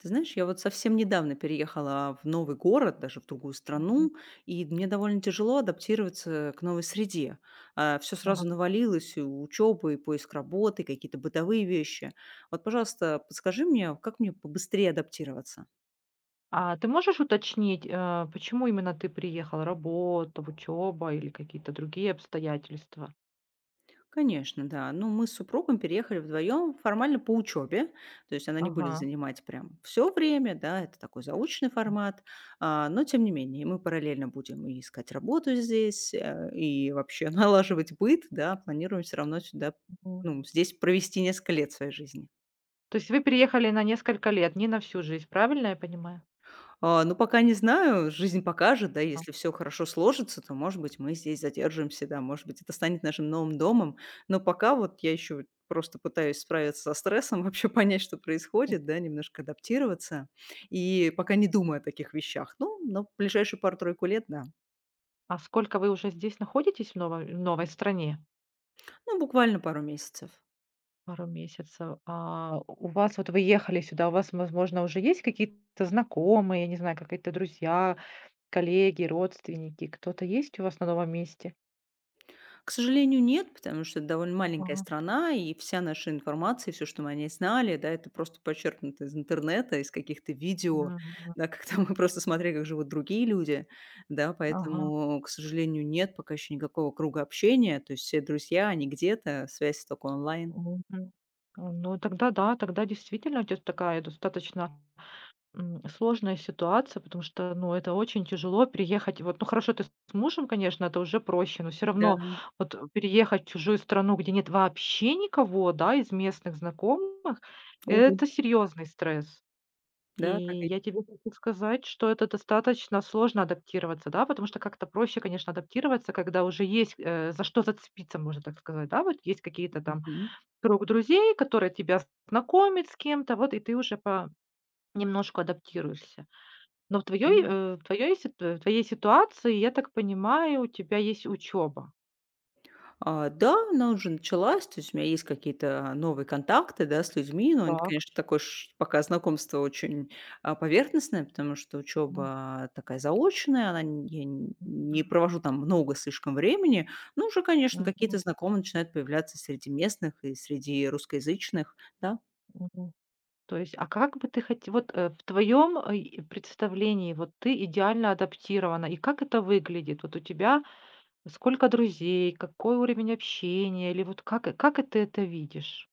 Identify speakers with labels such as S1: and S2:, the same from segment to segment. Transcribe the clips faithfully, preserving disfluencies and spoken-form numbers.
S1: Ты знаешь, я вот совсем недавно переехала в новый город, даже в другую
S2: Мгм.
S1: страну, и мне довольно тяжело адаптироваться к новой среде. А, всё
S2: Ага.
S1: сразу навалилось: и учёба, и поиск работы, какие-то бытовые вещи. Вот, пожалуйста, подскажи мне, как мне побыстрее адаптироваться?
S2: А ты можешь уточнить, а почему именно ты приехала: работа, в учеба или какие-то другие обстоятельства?
S1: Конечно, да. Ну, мы с супругом переехали вдвоём формально по учёбе. То есть она не будет
S2: Ага.
S1: занимать прям всё время, да? Это такой заочный
S2: М.
S1: формат. А, но, тем не менее, и мы параллельно будем и искать работу здесь, э, и вообще налаживать быт, да? Планируем всё равно сюда,
S2: Мгм.
S1: ну, м, здесь провести несколько лет своей жизни.
S2: То есть вы переехали на несколько лет, не на всю жизнь. Правильно я понимаю?
S1: А, ну, пока не знаю. Жизнь покажет. Да,
S2: А.
S1: если всё хорошо сложится, то, может быть, мы здесь задержимся, да. Может быть, это станет нашим новым домом. Но пока вот я ещё вот просто пытаюсь справиться со стрессом, вообще понять, что происходит, да, немножко адаптироваться и пока не думаю о таких вещах. Ну, но в ближайшие пару-тройку лет- да.
S2: А сколько вы уже здесь находитесь, в ново в новой стране?
S1: Ну буквально пару месяцев.
S2: Пару месяцев. А у вас, вот вы ехали сюда. У вас, возможно, уже есть какие-то знакомые, я не знаю, какая-то друзья, коллеги, родственники. Кто-то есть у вас на новом месте?
S1: К сожалению, нет, потому что эт довольно маленькая
S2: Ага.
S1: страна. И вся наша информация, всё, что мы о ней знали, да, это просто почерпнуто из интернета, из каких-то видео,
S2: Мгм.
S1: да. Как там мы просто смотрели, как живут другие люди, да.
S2: Ага.
S1: Поэтому, к сожалению, нет пока еще никакого круга общения. То есть все друзья, они где-то, связь тока онлайн.
S2: Мгм. Ну тогда да, тогда действительно у тя такая достаточно, м, сложная ситуация. Потому что, ну, это очень тяжело- приехать. Вот, ну, хорошо, ты с мужем, конечно, это уже проще. Но всё равно
S1: Да.
S2: вот, переехать в чужую страну, где нет вообще никого, да, из местных знакомых- это
S1: Увы.
S2: серьезный стресс. И
S1: Да, так и
S2: я тебе хочу сказать, что это достаточно сложно- адаптироваться, да. Потому что как-то проще, конечно, адаптироваться, когда уже есть, э, за что зацепиться, можно так сказать, да вот. Есть какие-то там,
S1: Мгм.
S2: круг друзей, которые тебя знакомят с кем-то, вот и ты уже по-немножку адаптируешься. Но в твоёй
S1: М.
S2: э, в твоёй сит э, в твоей ситуации, я так понимаю, у тебя есть учеба.
S1: А, да, она уже началась. То есть у меня есть какие-то новые контакты, да, с людьми. Но они т
S2: Так.
S1: конечно, такой ш Пока знакомство очень, а, поверхностное. Потому что
S2: Ну.
S1: учеба такая заочная, она н я нь не
S2: Мгм.
S1: провожу там много слишком времени. Но уже, конечно,
S2: Мгм.
S1: какие-то знакомые начинают появляться среди местных и среди русскоязычных, да.
S2: Мгм. То есть, а как бы ты хоть Вот, э, в твоем, а, и представлении, вот ты идеально адаптирована. И как это выглядит? Вот у тебя сколько друзей, какой уровень общения? Или вот как, э, как это ты это видишь?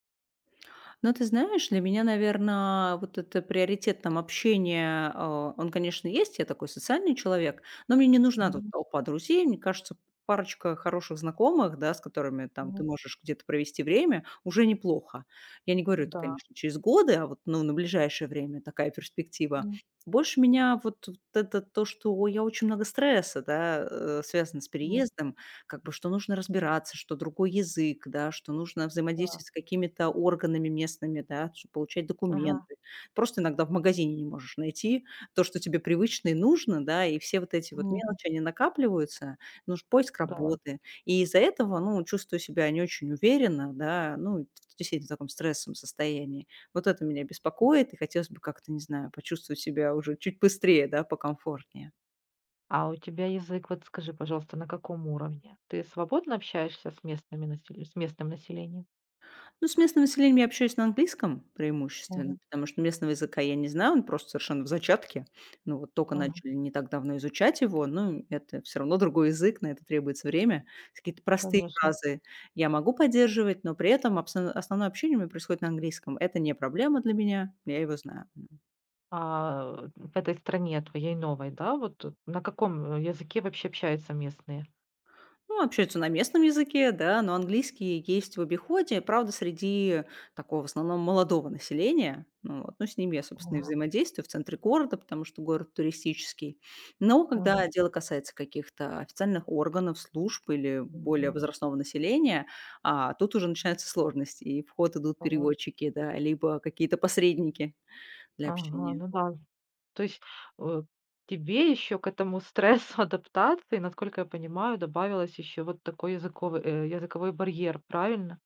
S1: Ну ты знаешь, для меня, наверно, вот это приоритет, там, общения, э, он, конечно, есть. Я такой социальный человек, но мне не нужна тут
S2: Мгм.
S1: толпа друзей. Мне кажется, парочка хороших знакомых, да, с которыми, там, ты
S2: Мгм.
S1: можешь где-то провести время- уже неплохо. Я не говорю это,
S2: М-да.
S1: конечно, через годы, а вот, ну, на ближайшее время такая перспектива.
S2: М.
S1: Больше меня вот вот это то, что я очень много стресса, да, э, связано с
S2: Ну.
S1: переездом. Как бы, что нужно разбираться, что другой язык, да. Что нужно
S2: Да.
S1: взаимодействовать с какими-то органами местными, да, чтоб получать
S2: Ага.
S1: документы. Просто иногда в магазине не можешь найти то, что тебе привычно и нужно, да. И все вот эти вот
S2: [unintelligible]
S1: мелочи, они накапливаются. Ну ж поиск
S2: Да.
S1: работы. И из-за этого, ну, чувствую себя не очень уверенно, да. Ну, [unintelligible] в таком стрессовом состоянии. Вот это меня
S2: М.
S1: беспокоит. И хотелось бы как-то, не знаю, почувствовать себя уже чуть быстрее, да, покомфортнее.
S2: А у тебя язык, вот скажи, пожалуйста, на каком уровне? Ты свободно общаешься с местными населе с местным населением?
S1: Ну, с местным населением я общаюсь на английском преимущественно,
S2: Ага.
S1: потому что местного языка я не знаю. Он просто совершенно в зачатке. Ну, вот тока
S2: Ага.
S1: начали не так давно изучать его. Ну и это всё равно другой язык, на это требуется время. Какие-то простые
S2: Конечно.
S1: фразы я могу поддерживать, но при этом абсо основное общение у меня происходит на английском. Это не проблема для меня, я его знаю, м.
S2: А, э, в этой стране твоей новой, да вот, э, на каком языке вообще общаются местные?
S1: Ну, общаются на местном языке, да, но английский есть в обиходе. Правда, среди такого в основном молодого населения. Ну вот. Ну, с ними я, собственно, и
S2: Ага.
S1: взаимодействую в центре города, потому что город туристический. Но когда
S2: Ага.
S1: дело касается каких-то официальных органов, служб или более
S2: Мгм.
S1: возрастного населения, а, тут уже начинаются сложности. И в ход идут
S2: [unintelligible]
S1: переводчики, да, либо какие-то посредники для
S2: Ага,
S1: общения.
S2: ну да. То есть, э, тебе еще к этому стрессу адаптации, насколько я понимаю, добавилось еще вот такой языковый, э, языковой барьер. Правильно?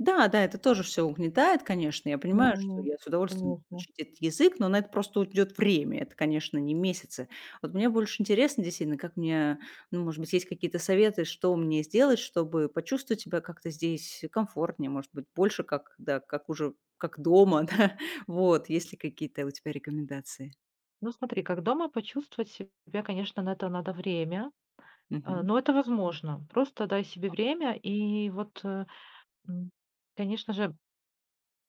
S1: Да, да, это тоже ж всё угнетает, конечно. Я
S2: Ну
S1: понимаю, что
S2: ну.
S1: я с удовольствием буду
S2: Конечно.
S1: учить этот язык, но на это просто уйдёт время. Это, конечно, не месяцы. Вот мне больше интересно действительно, как мне ну, может быть, есть какие-то советы, что мне сделать, чтобы почувствовать себя как-то здесь комфортнее, может быть, больше как, да, как уже, как дома, да? Вот. Есть ли какие-то у тебя рекомендации?
S2: Ну смотри, как дома почувствовать себя, конечно, на это надо время, а,
S1: Мгм.
S2: но это возможно. Просто дай себе время и вот, э, ну, конечно же,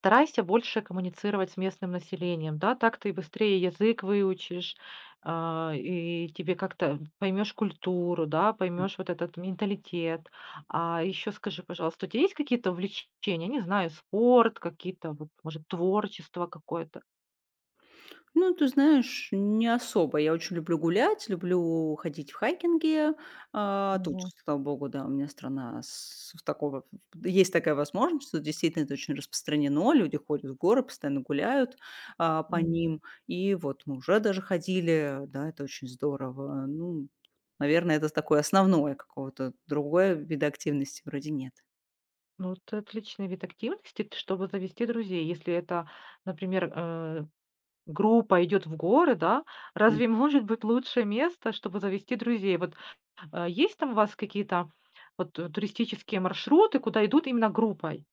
S2: старайся больше коммуницировать с местным населением, да? Так ты быстрее язык выучишь, а, и тебе как-то поймешь культуру, да,
S1: М.
S2: поймешь вот этот менталитет. А еще скажи, пожалуйста, у тя есть какие-то увлечения, не знаю, спорт какие-то, вот, может, творчество какое-то?
S1: Ну, ты знаешь, не особо. Я очень люблю гулять, люблю ходить в хайкинги. А, тут,
S2: Мгм.
S1: слава богу, да, у меня страна с такого ф есть такая возможность. Тут действительно это очень распространено. Люди ходят в горы, постоянно гуляют, а, по
S2: Мгм.
S1: ним. И вот мы уже даже ходили. Да, это очень здорово. Ну, наверное, это с такое основное, какого-то другое вида активности вроде нет.
S2: Ну это отличный вид активности, т чтобы завести друзей. Если это, например, э, группа идет в горы, да?
S1: М.
S2: Разве может быть лучше место, чтобы завести друзей? Вот есть там у вас какие-то вот туристические маршруты, куда идут именно группой?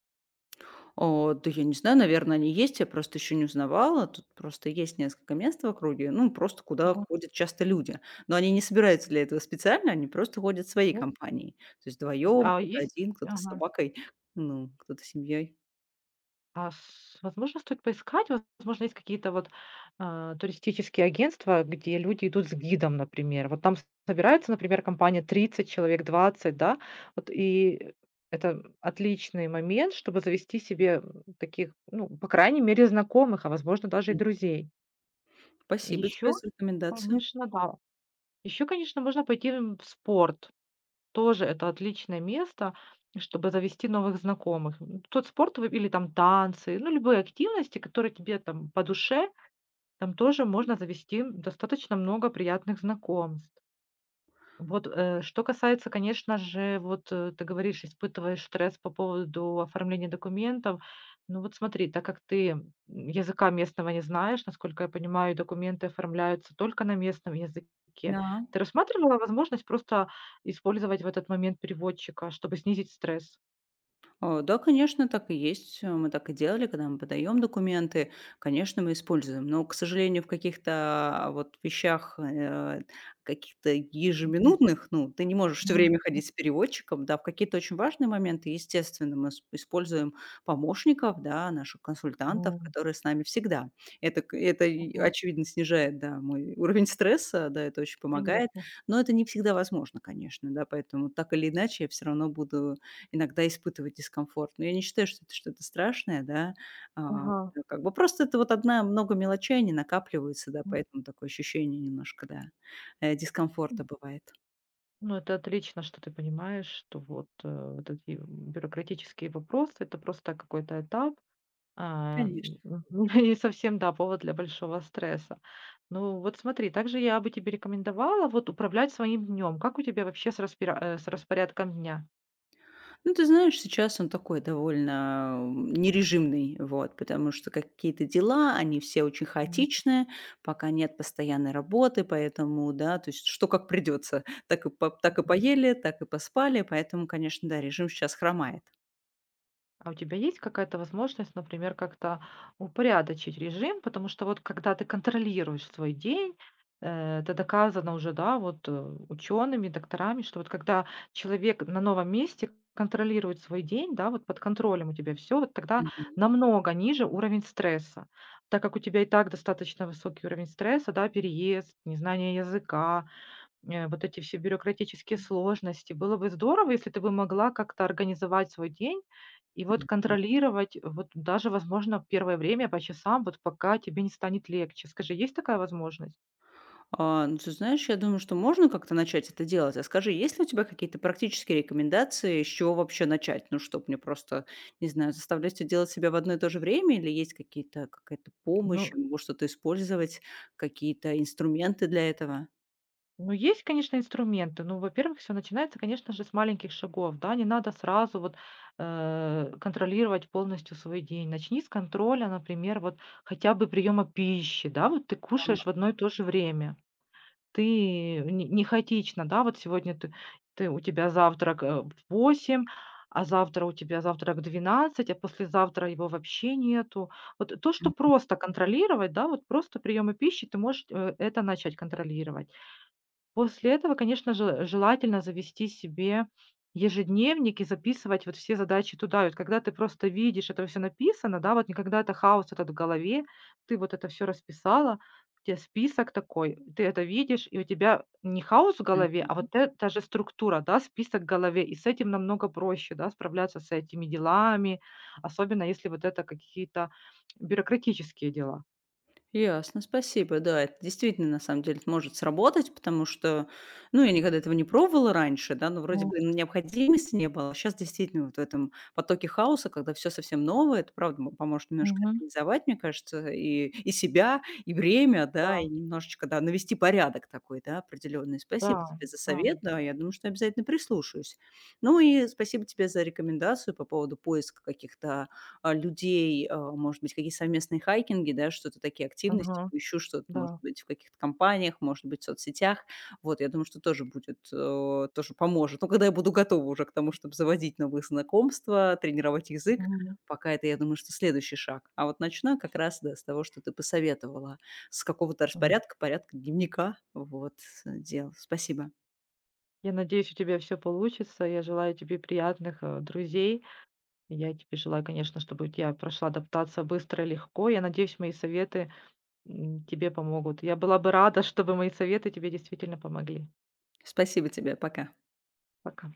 S1: О, да я не знаю, наверно, они есть. Я просто ещё не узнавала. Тут просто есть несколько мест в округе, ну, просто куда
S2: Мгм.
S1: ходят часто люди. Но они не собираются для этого специально, они просто ходят своей
S2: Во
S1: компанией. То есть
S2: В з
S1: вдвоём,
S2: а,
S1: кто-то
S2: есть
S1: один, кто-то с
S2: ага.
S1: собакой, ну кто-то с семьей.
S2: А с возможно, стоит поискать? Возможно, есть какие-то вот, а, туристические агентства, где люди идут с гидом, например. Вот там собирается, например, компания тридцать человек, двадцать, да. Вот, и это отличный момент, чтобы завести себе таких, ну, по крайней мере, знакомых, а, возможно, даже и
S1: Мгм.
S2: друзей.
S1: Спасибо тебе
S2: Еще,
S1: за рекомендацию.
S2: конечно, да. Еще, конечно, можно пойти, эм, в спорт. Тоже это отличное место, чтобы завести новых знакомых. Ну, тот спорт в или там танцы, ну, любые активности, которые тебе там по душе. Там тоже можно завести достаточно много приятных знакомств. Вот, э, что касается, конечно же, вот, э, ты говоришь, испытываешь стресс по поводу оформления документов. Ну вот смотри, так как ты, м, языка местного не знаешь, насколько я понимаю, и документы оформляются только на местном языке.
S1: Да.
S2: Ты рассматривала возможность просто использовать в этот момент переводчика, чтобы снизить стресс?
S1: Э, да, конечно, так и есть. Э, мы так и делали. Когда мы подаем документы, конечно, мы используем. Но, к сожалению, в каких-то вот вещах, э, а, каких-то
S2: Мгм.
S1: ежеминутных, ну, ты не можешь всё
S2: Мгм.
S1: время
S2: М.
S1: ходить с переводчиком, да? В какие-то очень важные моменты, естественно, мы с используем помощников, да, наших консультантов,
S2: Вом
S1: которые с нами всегда. Это к это и а,
S2: Ого.
S1: очевидно, снижает, да, мой уровень стресса. Да, это очень помогает,
S2: Конечно.
S1: но это не всегда возможно, конечно, да. Поэтому, так или иначе, я всё равно буду иногда испытывать дискомфорт. Но я не считаю, что это что-то страшное, да. А,
S2: Ага.
S1: да, как бы просто это вот одна много мелочей, они накапливаются, да,
S2: М.
S1: поэтому такое ощущение немножко, да, э, дискомфорта
S2: М.
S1: бывает.
S2: Ну это отлично, что ты понимаешь, что вот, э, вот эти бюрократические вопросы- это просто какой-то этап, а,
S1: Конечно.
S2: не совсем, да, повод для большого стресса. Ну вот смотри, также я бы тебе рекомендовала вот управлять своим днем. Как у тебя вообще с распира э, с распорядком дня?
S1: Ну, ты знаешь, сейчас он такой довольно нережимный, вот. Потому что какие-то дела, они все очень
S2: Мгм.
S1: хаотичные. Пока нет постоянной работы, поэтому, да, то есть, что как придётся, так и по так и
S2: [unintelligible]
S1: поели, так и поспали. Поэтому, конечно, да, режим щас хромает.
S2: А у тебя есть какая-то возможность, например, как-то упорядочить режим? Потому что вот когда ты контролируешь свой день, э, это доказано уже, да, вот учеными, докторами, что вот когда человек на новом месте контролирует свой день, да, вот под контролем у тебя всё, вот тогда
S1: Мгм.
S2: намного ниже уровень стресса. Так как у тебя и так достаточно высокий уровень стресса, да, переезд, незнание языка,- э, вот эти все бюрократические сложности. Было бы здорово, если ты бы могла как-то организовать свой день и вот
S1: Мгм.
S2: контролировать, вот даже, возможно, первое время по часам, вот пока тебе не станет легче. Скажи, есть такая возможность?
S1: А, ну ты знаешь, я думаю, что можно как-то начать это делать. А скажи, есть ли у тебя какие-то практические рекомендации, с чего вообще начать? Ну, чтоб мне просто, не знаю, заставлять всё делать себя в одно и то же время, или есть какие-то какая-то помощь,
S2: Ну
S1: э, может, что-то использовать, какие-то инструменты для этого?
S2: Ну есть, конечно, инструменты. Ну, во-первых, всё начинается, конечно же, с маленьких шагов. Да, не надо сразу вот, э, контролировать полностью свой день. Начни с контроля, например, вот хотя бы приема пищи. Да, вот ты кушаешь
S1: Так.
S2: в одно и то же время, ты, э, н не хаотично, да? Вот сегодня ты ты у тебя завтрак, а, в восемь, а завтра у тебя завтрак в двенадцать, а послезавтра его вообще нету. Вот то, что
S1: Мгм.
S2: просто контролировать, да, вот просто приемы пищи, ты можешь, э, это начать контролировать. После этого, конечно же, э, желательно завести себе ежедневник и записывать вот все задачи туда. И вот когда ты просто видишь, это всё написано, да? Вот не когда это хаос этот в голове. Ты вот это всё расписала, у тебя список такой, э, ты это видишь, и у тебя не хаос в голове, а
S1: Мгм.
S2: вот эта же структура, да, список в голове. И с этим намного проще, да, справляться с этими делами, особенно, если вот это какие-то бюрократические дела.
S1: Ясно. Спасибо. Да, это действительно, на самом деле, это может сработать, потому что, ну, я никогда этого не пробовала раньше, да, но вроде
S2: Но.
S1: бы, ну, необходимости не было. А щас действительно, вот в этом потоке хаоса, когда всё совсем новое, это, правда, мо поможет немножко
S2: Мгм.
S1: организовать, мне кажется, и, и себя, и время, да, и
S2: Да.
S1: немножечко, да, навести порядок такой, да, определённый. Спасибо тебе за совет.
S2: Да-да.
S1: Да, я думаю, что я обязательно прислушаюсь. Ну и спасибо тебе за рекомендацию по поводу поиска каких-то, э, людей. Э, может быть, какие-то совместные хайкинги, да, что-то такие активности.
S2: Ага.
S1: Поищу что-то, может
S2: Да.
S1: быть, в каких-то компаниях, может быть, в соцсетях. Вот, я думаю, что тоже будет, э, тоже поможет. Ну когда я буду готова уже к тому, чтоб заводить новые знакомства, тренировать язык.
S2: Мгм.
S1: Пока это, я думаю, что следующий шаг. А вот начну я как раз, да, с того, что ты посоветовала. С какого-то
S2: М.
S1: распорядка, порядка дневника, вот, с дел. Спасибо.
S2: Я надеюсь, у тебя всё получится. И я желаю тебе приятных, э, друзей. И я тебе желаю, конечно, чтобы у тя прошла адаптация быстро и легко. Я надеюсь, мои советы, м, тебе помогут. Я была бы рада, чтобы мои советы тебе действительно помогли.
S1: Спасибо тебе. Пока.
S2: Пока.